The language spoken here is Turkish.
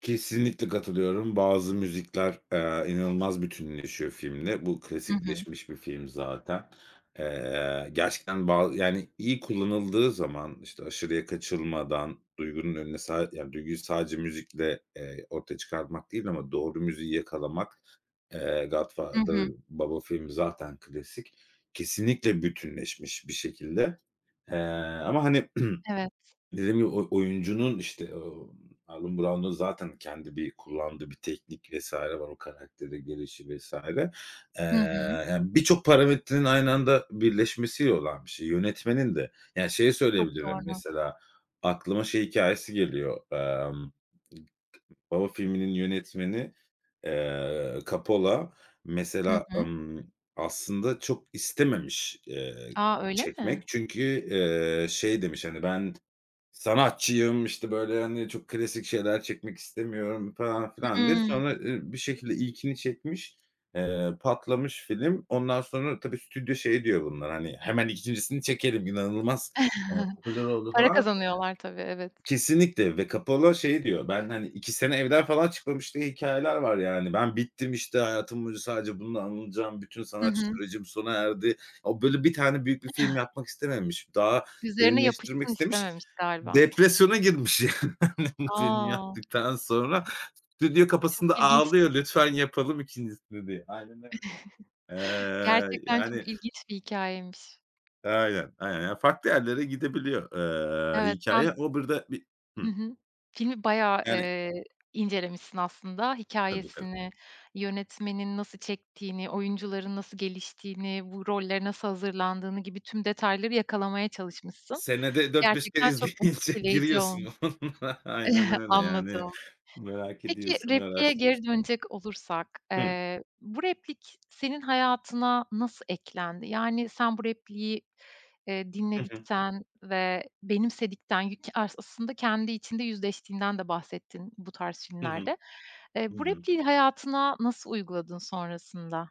Kesinlikle katılıyorum. Bazı müzikler, eee, inanılmaz bütünleşiyor filmle. Bu Hı hı. klasikleşmiş bir film zaten. Eee, gerçekten ba yani, iyi kullanıldığı zaman, işte, aşırıya kaçılmadan duygunun önüne sad yani, duyguyu sadece müzikle, eee, ortaya çıkarmak değil ama doğru müziği yakalamak, eee, Hı "Godfather" hı. "Baba" filmi zaten klasik. Kesinlikle bütünleşmiş bir şekilde, eee, ama, hani, Evet. dediğim gibi oy oyuncunun, işte, aaa, Allen Brown'un zaten kendi bir kullandığı bir teknik vs. var, o karaktere gelişi vs. eee, Hı hı. yani, birçok parametrenin aynı anda birleşmesiyle olan bir şey. Yönetmenin de, yani, şeyi Çok söyleyebilirim. doğru. Mesela, aklıma şey hikâyesi geliyor, emm, Baba filminin yönetmeni, eee, Cappola Hı mesela, hı. ımm, aslında çok istememiş, eee, A! Öyle mi? çekmek çünkü, eee, şey demiş, hani, ben sanatçıyım, işte, böyle, hani, çok klasik şeyler çekmek istemiyorum falan filan diye. Hımm. Sonra, ı bir şekilde ilkini çekmiş, eee, patlamış film. Ondan sonra tabii stüdyo şey diyor, bunlar, hani, hemen 2'ncisini çekelim, inanılmaz, eee, popüler oldu Para falan. kazanıyorlar, tabii, evet. Kesinlikle ve Cappola şey diyor, ben, hani, 2 sene evden falan çıkmamış diye hikâyeler var, yani. "Ben bittim, işte, hayatım boyunca sadece bununla anılacağım, bütün I sanat hı. sürecim sona erdi." O, böyle, bir tane büyük bir film yapmak istememiş, daha Üzerine derinleştirmek yapışsın istemiş. istememiş, galiba. Depresyona girmiş yani. Bu filmi A! yaptıktan sonra stüdyo E, çok kapısında ilginç. ağlıyor. Lütfen yapalım 2'ncisini diye. Aynen öyle. Eee, Gerçekten çok yani ilginç bir hikâyeymiş. Aynen, aynen, ya, farklı yerlere gidebiliyor, eee, Evet, sen hikâye. O bir de bir Hıh. Hı hı. Filmi bayağı, Yani eee, incelemişsin aslında. Tabii, tabii. Hikâyesini, yönetmenin nasıl çektiğini, oyuncuların nasıl geliştiğini, bu rollere nasıl hazırlandığını gibi tüm detayları yakalamaya çalışmışsın. Senede 4-5 kere Gerçekten çok izleyince etkileyici ol giriyorsun [unintelligible] Aynen öyle, yani, Anladım. merak Peki, ediyorsun, repliğe geri araştırıyorsun. dönecek olursak, Hı. eee, bu replik senin hayatına nasıl eklendi? Yani, sen bu repliği, eee, Hı hı. dinledikten ve benimsedikten yük ars aslında kendi içinde yüzleştiğinden de bahsettin bu tarz Hı hı. filmlerde. Eee, Hı bu hı. repliği hayatına nasıl uyguladın sonrasında?